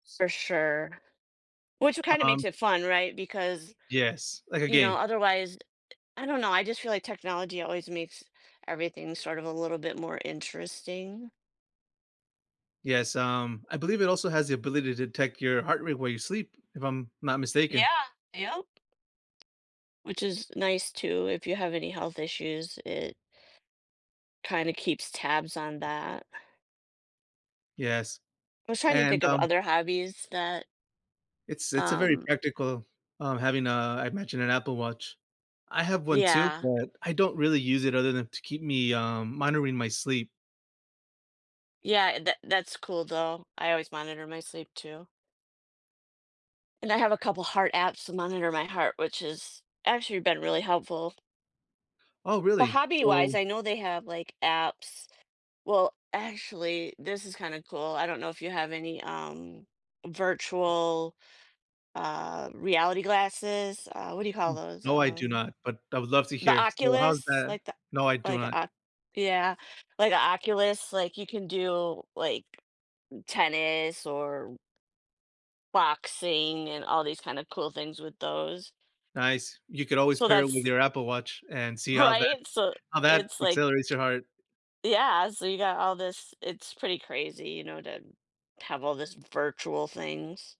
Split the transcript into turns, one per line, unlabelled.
For sure. Which kinda makes
Um
it fun, right? Because,
Yes, like a
you know,
game.
otherwise I don't know, I just feel like technology always makes everything sort of a little bit more interesting?
Yes, um, I believe it also has the ability to detect your heart rate while you sleep, if I'm not mistaken.
Yeah. Yup. Which is nice, too, if you have any health issues. It kinda keeps tabs on that.
Yes.
I was trying to
And,
think of
um
other hobbies that
It's it's a very
um
practical um, having a, I imagine, an Apple Watch. I have one too,
Yeah.
but, I don't really use it other than to keep me, um monitoring my sleep.
Yeah, e that that's cool, though. I always monitor my sleep too. And I have a couple heart apps to monitor my heart, which has actually been really helpful.
Oh,
But
really?
hobby-wise,
So
I know they have, like, apps Well, actually, this is kinda cool. I don't know if you have any, um, virtual, uh, reality glasses? Uh, what do you call those?
No, I do
Um,
not, but I would love to
the
hear, so, how's
Oculus.
that?
Like the
No, I do
like
not.
Oc yeah. Like a Oculus, like, you can do, like, tennis or boxing and all these kinda cool things with those.
Nice. You could always
So
pair it with
that's
your Apple Watch and see how that
Right? So
how that
it's, like
accelerates your heart.
Yeah. So you got all this it's pretty crazy, you know, to have all this virtual things.